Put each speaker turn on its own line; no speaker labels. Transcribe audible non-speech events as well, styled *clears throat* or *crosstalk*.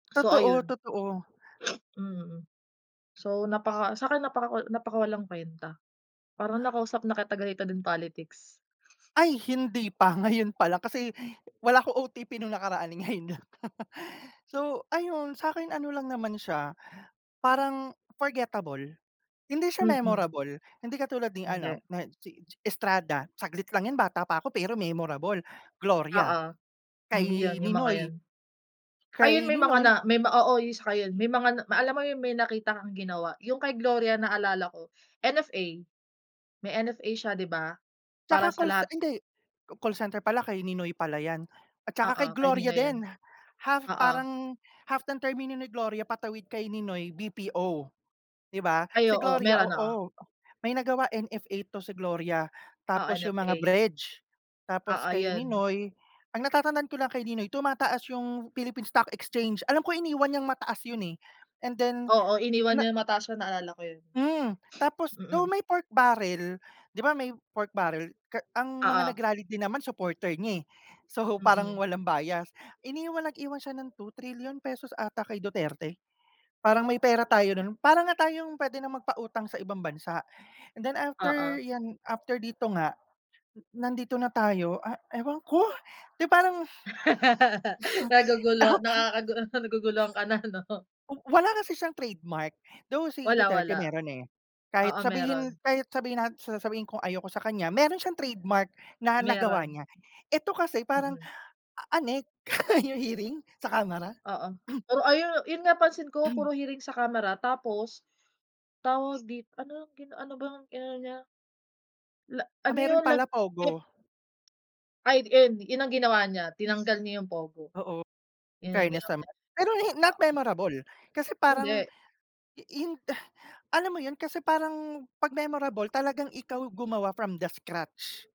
So,
Totoo,
ayun.
totoo.
Mm. So, napaka sa'kin napakakol napakawalang kwenta. Parang nakausap na kita ganito din politics.
Ay, hindi pa ngayon pa lang kasi wala ako OTP nung nakaraan ngayon lang. So, ayun sa'kin ano lang naman siya parang forgettable. Hindi siya
Mm.
memorable, hindi katulad ni
Hindi.
ano nad si Ji Estrada. Saglit lang yan bata pa ako pero memorable. Gloria,
Oo, hmm, yun
kay
yung mga
Ninoy.
yun. Ayun,
Kay
may mga na
Ninoy.
may oo, yung saka yun. May mga na ma alam mo yun, may nakita kang ginawa. Yung kay Gloria naalala ko NFA. May NFA siya, 'di ba? Para
Tsaka
sa
call ce
lahat
hindi, ca call center pala kay Ninoy pala 'yan at tsaka
Oo,
kay Gloria
kanina yun.
din, half
Oo.
parang half ng termino ni Gloria patawid kay Ninoy BPO. Di ba,
Ay
si
oo,
Gloria
meron, oo.
oo, may nagawa NFA 'to si Gloria.
Oo,
Tapos 'yong mga
NFA.
bridge, tapos
Oo,
kay
yun.
Ninoy ang natatandaan ko lang kay Ninoy tumataas 'yong Philippines Stock Exchange. Alam ko iniwan niyang mataas 'yon, eh, and then
Oo, iniwan
na
yung mataas, naalala ko yun.
Hmm, tapos
Mm.
though may pork barrel. 'Di ba, may pork barrel. Ke ang mga
Oo.
nag-rally din naman supporter niya, eh. So, parang
Mm.
walang bias. Iniwan nag-iwan siya ng ₱2 trilyon ata kay Duterte. Parang may pera tayo nun. Parang nga tayong pwede na magpautang sa ibang bansa and then after
Oo.
'yan, after dito nga, eh, nandito na tayo ah, ewan ko, 'di parang
*laughs*
uh
Nagugulo
huh. Tapang
nakakagu naguguluhan ka na, 'no?
oh, wala kasi siyang trademark. Though si
Wala,
Duterte
wala.
meron, eh. Kahit
Oo, meron.
sabihin kahit sabihin nat s sasabihin kong ayaw ko sa kanya. Meron siyang trademark na nagawa
Meron.
niya. Ito kasi parang
Mm.
a anek yung hearing sa kamara.
Oo,
*clears throat*
pero ayun yun nga pansin ko
*clears throat*
puro hearing sa kamara tapos tawag dit anong gina ano bang inano niya? La
Ah,
ano
meron
yun lag
pala
pep
pogo.
Ay, d eh, di, yun ang ginawa niya tinanggal niya yung pogo.
Oo,
Yun yung
infairness
ginawa
naman. Pero hin not
niya, oo.
memorable kasi parang
Hindi.
i hin eh, alam mo yun kasi parang 'pag memorable talagang ikaw gumawa from the scratch.